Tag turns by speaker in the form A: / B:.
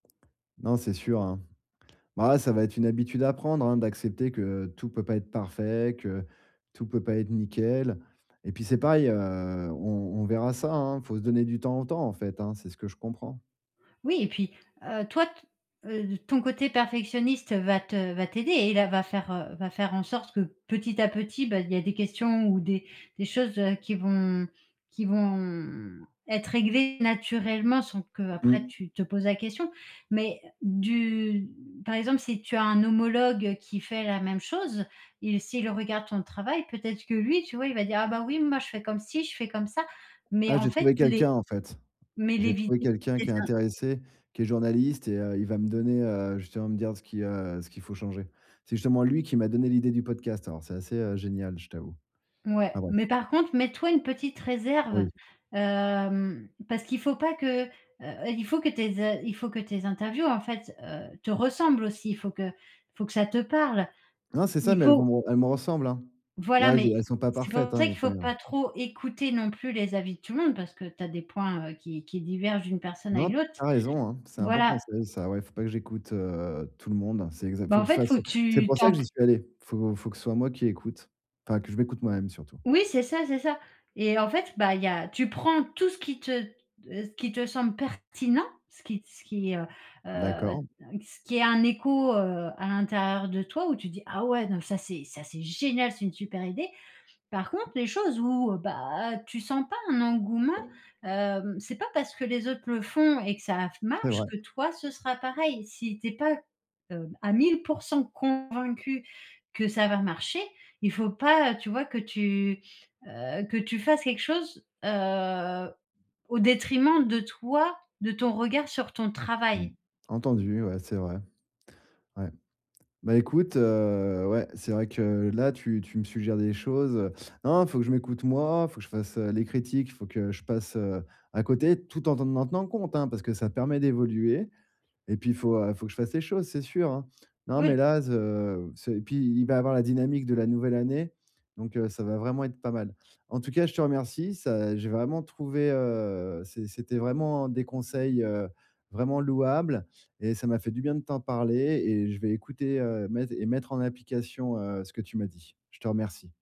A: Non, c'est sûr, hein, bah, ouais, ça va être une habitude à prendre, hein, d'accepter que, heu, tout peut pas être parfait, que tout peut pas être nickel et puis c'est pareil, heu, on on verra ça, hein, faut se «donner du temps au temps», en fait, hein, c'est ce que je comprends.
B: Oui et puis heu, toi t heu, ton côté perfectionniste va te va t'aider et là, va faire, heu, va faire en sorte que petit à petit, ben, il y a des questions ou des des choses, heu, qui vont qui vont être réglées naturellement sans qu'après
A: Mmh.
B: tu te poses la question mais du par exemple, si tu as un homologue qui fait la même chose, il s'il regarde ton travail peut-être que lui, tu vois? Il va dire: «Ah, bah, oui, moi, je fais comme ci, je fais comme ça» mais
A: Ah,
B: en
A: j'ai
B: fait,
A: trouvé
B: les
A: quelqu'un en fait.
B: mais les
A: J'ai trouvé
B: vidéos,
A: quelqu'un
B: c'est
A: qui est
B: ça.
A: intéressé, qui est journaliste et heu, il va me donner, heu, justement me dire ce qui, heu, ce qu'il faut changer. C'est justement lui qui m'a donné l'idée du podcast alors c'est assez, heu, génial, je t'avoue,
B: Mouais.
A: enfin, bref.
B: Mais par contre, mets toi une petite réserve,
A: Oui.
B: hem, parce qu'il faut pas que, heu, il faut que tes a il faut que tes interviews, en fait, heu, te ressemblent aussi. Il faut que il faut que ça te parle.
A: Non, c'est ça,
B: Il
A: mais elles
B: faut
A: vont elles me ressemblent, hein.
B: Voilà,
A: Là, je
B: mais
A: elles sont pas
B: c'est
A: parfaites,
B: pour
A: hein,
B: ça
A: mes
B: qu'il faut
A: 1res.
B: pas trop écouter non plus les avis de tout le monde parce que tu as des points, heu, qui qui divergent d'une personne à
A: Non, tu
B: une autre,
A: as raison, hein, c'est un bon
B: voilà.
A: conseil ça, ouais. Faut pas que j'écoute, heu, tout le monde. C'est exac
B: Bah,
A: faut
B: en
A: que je
B: fait, il
A: fasse
B: faut que
A: c'est
B: tu
A: pour ça
B: t'en
A: que
B: p
A: j'y suis allé! Il faut faut que ce soit moi qui écoute, enfin, que je m'écoute moi-même surtout.
B: Oui, c'est ça, c'est ça et en fait, bah, il y a tu prends tout ce qui te, heu, ce qui te semble pertinent, ce qui ce qui, heu, heu, un
A: D'accord.
B: ce qui est un écho, heu, à l'intérieur de toi où tu dis: «Ah ouais, non, mais ça c'est ça c'est génial! C'est une super idée!» Par contre, les choses où, bah, tu sens pas un engouement, hem, c'est pas parce que les autres le font et que ça f
A: C'est
B: marche,
A: vrai.
B: que toi ce sera pareil. Si tu es pas, hem, à 1000 % convaincu que ça va marcher, il faut pas, heu, tu vois? Que tu, heu, que tu fasses quelque chose, heu, au détriment de toi, de ton regard sur ton
A: Mmh.
B: travail.
A: Entendu, ouais, c'est vrai. Ouais. Bah, écoute, heu, ouais, c'est vrai que là, tu tu me suggères des choses, heu, non, non, il faut que je m'écoute moi, il faut que je fasse, heu, les critiques, il faut que je passe, heu, à côté, tout en en tenant compte, hein, parce que ça te permet d'évoluer et puis il faut, heu, il faut que je fasse les choses, c'est sûr, hein. Non, mais
B: Ouais.
A: là, ze c'est et puis il va y avoir la dynamique de la nouvelle année donc heu, ça va vraiment être pas mal. En tout cas, je te remercie ça j'ai vraiment trouvé, heu, c'est c'était vraiment des conseils, heu, vraiment louables et ça m'a fait du bien de t'en parler et je vais écouter, heu, mette et mettre en application, heu, ce que tu m'as dit. Je te remercie.